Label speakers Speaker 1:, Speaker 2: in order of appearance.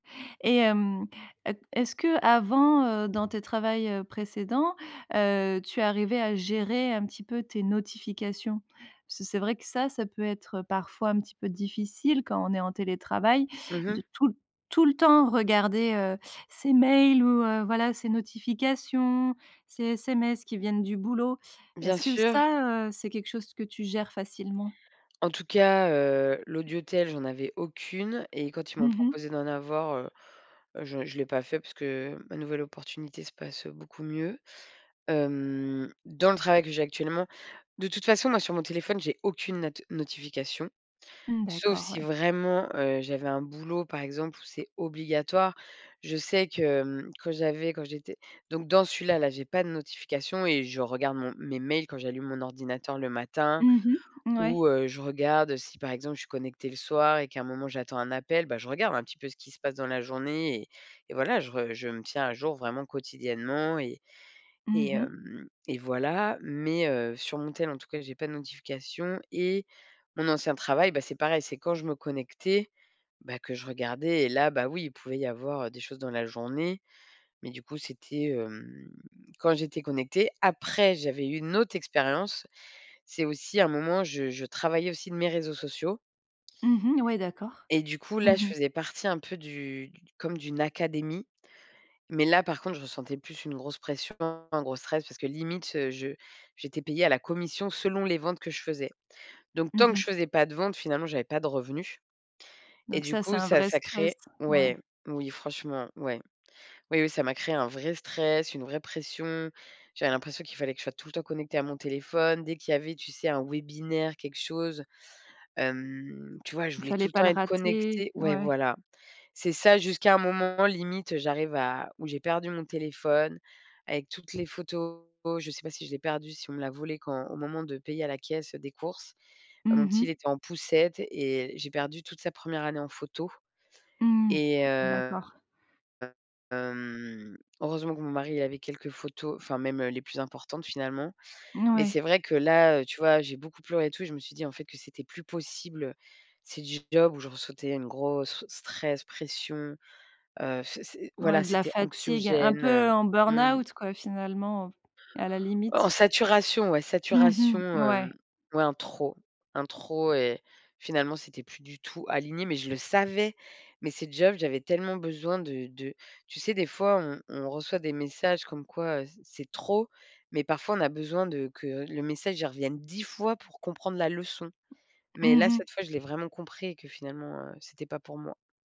Speaker 1: Et hem, e q est-ce que avant, heu, dans tes travails, heu, précédents, heu, tu es arrivée à gérer un petit peu tes notifications? Parce que c'est vrai que ça ça peut être, parfois, un petit peu difficile quand on est en télétravail,
Speaker 2: Mmh
Speaker 1: de
Speaker 2: mh.
Speaker 1: tout tout le temps regarder, heu, ses mails ou, heu, voilà ses notifications, ses SMS qui viennent du boulot.
Speaker 2: Bien
Speaker 1: Est-ce que
Speaker 2: sûr.
Speaker 1: ça, heu, c'est quelque chose que tu gères facilement?
Speaker 2: En tout cas, heu, l'audiotel, j'en avais aucune et quand ils m'ont
Speaker 1: Mmh mh.
Speaker 2: proposé d'en avoir, heu heu, je je l'ai pas fait parce que ma nouvelle opportunité se passe, heu, beaucoup mieux, hem, dans le travail que j'ai actuellement. De toute façon moi sur mon téléphone, j'ai aucune not notification,
Speaker 1: Mmh,
Speaker 2: sauf
Speaker 1: d'accord,
Speaker 2: si
Speaker 1: ouais.
Speaker 2: vraiment, heu, j'avais un boulot par exemple, où c'est obligatoire. Je sais que, hem, quand j'avais quand j'étais donc dans celui-là, là, j'ai pas de notification et je regarde mon mes mails quand j'allume mon ordinateur le matin
Speaker 1: Mmh mh, n ouais.
Speaker 2: ou, heu, je regarde, si par exemple je suis connectée le soir et qu'à un moment j'attends un appel, bah, je regarde un petit peu ce qui se passe dans la journée et et voilà, je re je me tiens à jour vraiment quotidiennement et
Speaker 1: Mmh
Speaker 2: et
Speaker 1: mh.
Speaker 2: hem et voilà. Mais, heu, sur mon tel en tout cas, j'ai pas de notifications et mon ancien travail, bah, c'est pareil, c'est quand je me connectais, bah, que je regardais et là, bah oui, il pouvait y avoir, heu, des choses dans la journée. Mais du coup, c'était, hem, quand j'étais connectée. Après, j'avais eu une autre expérience. C'est aussi un moment je je travaillais aussi de mes réseaux sociaux
Speaker 1: Mmh mh ouais, d'accord.
Speaker 2: et du coup, là, je
Speaker 1: Mmh mh.
Speaker 2: faisais partie un peu comme du du comme d'une académie. Mais là par contre, je ressentais plus une grosse pression, un gros stress parce que limite, je j'étais payée à la commission selon les ventes que je faisais. Donc
Speaker 1: Mmh
Speaker 2: tant que je
Speaker 1: mh.
Speaker 2: faisais pas de vente, finalement j'avais pas de revenus et
Speaker 1: Donc
Speaker 2: du
Speaker 1: ça, c'est
Speaker 2: coup,
Speaker 1: un
Speaker 2: ça
Speaker 1: vrai
Speaker 2: ça
Speaker 1: stress,
Speaker 2: crée ouais,
Speaker 1: ouais.
Speaker 2: oui, franchement, ouais. Oui oui, ça m'a créé un vrai stress, une vraie pression. J'avais l'impression qu'il fallait que je sois tout le temps connectée à mon téléphone. Dès qu'il y avait, tu sais, un webinaire, quelque chose, hem, tu vois? Je
Speaker 1: Il ne
Speaker 2: voulais tout
Speaker 1: fallait
Speaker 2: le
Speaker 1: pas
Speaker 2: temps
Speaker 1: le
Speaker 2: être
Speaker 1: rater,
Speaker 2: connectée ouais,
Speaker 1: ouais.
Speaker 2: voilà. C'est ça, jusqu'à un moment limite, j'arrive à où j'ai perdu mon téléphone avec toutes les photos je sais pas si je l'ai perdu, si on me l'a volé quand au moment de payer à la caisse des courses. Mon
Speaker 1: Mmh
Speaker 2: petit, il
Speaker 1: mh.
Speaker 2: était en poussette et j'ai perdu toute sa 1re année en photo
Speaker 1: Mmh.
Speaker 2: et heu
Speaker 1: D'accord.
Speaker 2: heu, hem, heureusement que mon mari avait quelques photos enfin même les plus importantes finalement.
Speaker 1: N
Speaker 2: Mais
Speaker 1: ouais.
Speaker 2: c'est vrai que là, heu, tu vois, j'ai beaucoup pleuré tout et je me suis dit en fait que c'était plus possible. C'est du job où je ressentais une grosse stress, pression, heu, f c'est,
Speaker 1: Ouais,
Speaker 2: voilà,
Speaker 1: de la
Speaker 2: c'était
Speaker 1: fatigue, un
Speaker 2: anxiogène,
Speaker 1: peu
Speaker 2: heu,
Speaker 1: en
Speaker 2: mmh.
Speaker 1: burn-out quoi, finalement, à la
Speaker 2: En
Speaker 1: limite?
Speaker 2: saturation, ouais, saturation,
Speaker 1: Mmh mh.
Speaker 2: hem,
Speaker 1: Ouais.
Speaker 2: ouais, un trop un trop et finalement c'était plus du tout aligné, mais je le savais. Mais ces jobs, j'avais tellement besoin de de tu sais, des fois, on on reçoit des messages comme quoi, heu, c'est c'est trop, mais parfois on a besoin de que le message il revienne 10 fois pour comprendre la leçon. Mais
Speaker 1: Mmh
Speaker 2: là,
Speaker 1: mh.
Speaker 2: cette fois, je l'ai vraiment compris et que finalement, heu, c'était pas pour moi.